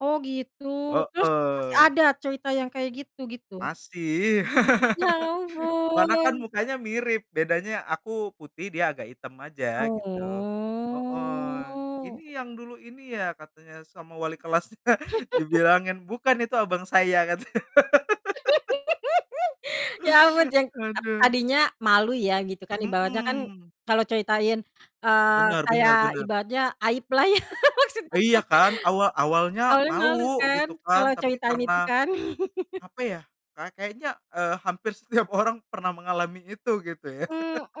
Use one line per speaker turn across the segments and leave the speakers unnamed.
Oh, gitu. Terus, masih
Heeh.
ada cerita yang kayak gitu gitu?
Masih.
Ya
Warna kan
ampun.
mukanya mirip, bedanya aku putih dia agak hitam aja, gitu. Heeh. "Ini,
Oh.
yang dulu ini ya?" katanya, "sama wali kelasnya," dibilangin, "Bukan, itu abang saya," katanya.
Ya ampun, jeng ak
Aduh.
tadinya malu ya, gitu kan, ibaratnya kan
Mhm.
kalau ceritain, eee,
Benar
kayak
benar benar.
ibaratnya aib lah ya, maksudnya
Iya,
kan.
kan. Awa awalnya
Awalnya malu
malu,
kan,
gitu kan,
kalau
tapi
ceritain itu
karena,
kan.
apa ya, kay kayaknya, eee, hampir setiap orang pernah mengalami itu, gitu ya.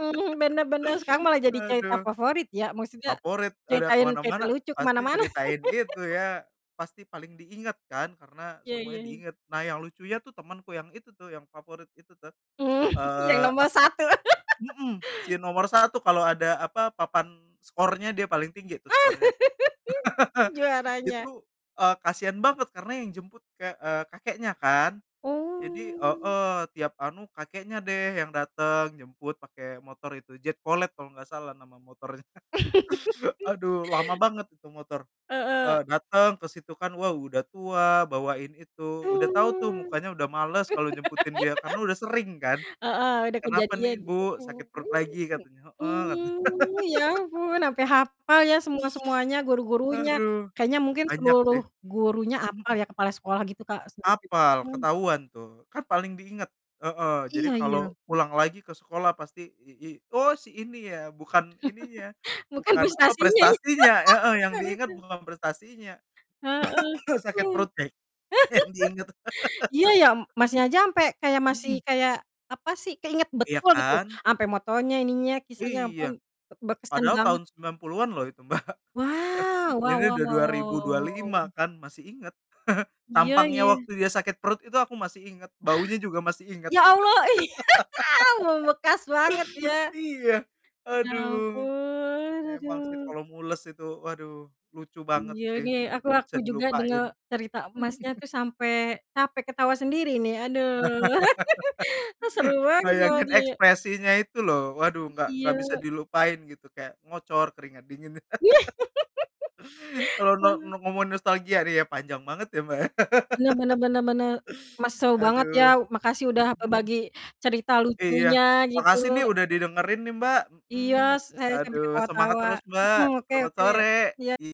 Mmm, bener bener, sekarang malah jadi cerita
Aduh.
favorit ya, maksudnya
Favorit, udah ke
ceritain cerita
mana-mana,
lucu ke
pasti
mana-mana.
ceritain itu ya, pasti paling diingat kan, karena
Iya iya
semuanya
iya.
diingat. Nah, yang lucunya tuh temenku yang itu tuh, yang favorit itu tuh.
Mmm, yang
Eee,
nomor
aku kan
1.
mhm, si nomor 1, kalau ada apa, papan skornya dia paling tinggi tuh skornya.
Juaranya.
Itu, eee, kasian banget, karena yang jemput kek eee, kakeknya kan. Jadi
Oh.
heeh, tiap anu kakeknya deh yang datang, jemput pake motor itu, Jet Cooled kalo gak salah nama motornya. Aduh, lama banget itu motor.
Heeh.
Eee, dateng ke situ kan, waw, udah tua, bawain itu. Udah tau tuh,
Oh.
mukanya udah males kalo jemputin dia, karena udah sering kan.
Heeh, ada
"Kenapa
kejadian,
nih
gitu,
Bu,
mmm,
sakit perut
mhm,
lagi?"
mmm.
katanya, "heeh," katanya.
Mmm, ya ampun, ampe hapal ya semua-semuanya, guru-gurunya.
Aduh.
Kayaknya mungkin
Banyak sih.
seluruh gurunya hapal
Mhm.
ya, kepala sekolah gitu, Kak, [unintelligible]
Hafal,
mhm.
ketahuan tuh. Kan paling diingat. Heeh, jadi
Iya iya.
kalau pulang lagi ke sekolah pasti, i i "Oh, si ini ya!" Bukan ininya,
Bukan
bukan, apa,
prestasinya, ih.
prestasinya heeh. Yang
Bukan
diingat
itu.
bukan prestasinya.
Heeh.
Sakit perut, deh, yang diingat.
Iya, ya m masnya aja sampai kayak masih
Mhm.
kayak, apa sih, keinget
Iya
betul, gitu.
kan?
Sampai motornya, ininya, kisahnya, ampun,
Iya.
bek berkesan
Padahal
banget.
tahun 90-an loh itu, Mbak.
Wow! Wow
Ini
wow
udah
wow
dua ribu
wow
dua
wow
lima
wow.
kan, masih inget.
Iya,
Tampangnya
ih.
waktu dia sakit perut itu aku masih inget, baunya juga masih inget.
Ya Allah, ih! Membekas banget, ya.
Iya.
Ya
Aduh.
ampun,
Emang sih,
aduh.
kalau mules itu, waduh lucu banget
Iya
sih.
nih,
Gak
aku
gak
aku
bisa
juga denger
dilupain.
cerita Masnya tuh sampai capek, ketawa sendiri nih, aduh. E seru banget
Bayangin
soalnya, ya.
ekspresinya itu loh, waduh, gak gak bisa
Iya.
dilupain gitu, kayak ngocor, keringat dingin. Kalau
Wah.
no ngomongin nostalgia ya panjang banget ya, Mbak, ya.
Bener bener bener bener. Mas, seru banget ya.
Aduh. Mhm.
Makasih udah berbagi cerita
Iya.
lucunya, gitu.
Makasih nih udah didengerin nih, Mbak,
Iya,
mmm,
s saya sampai
aduh. Semangat
ketawa-tawa.
terus, Mbak,
Mhm, oke
selamat
oke.
sore!
Iya.
I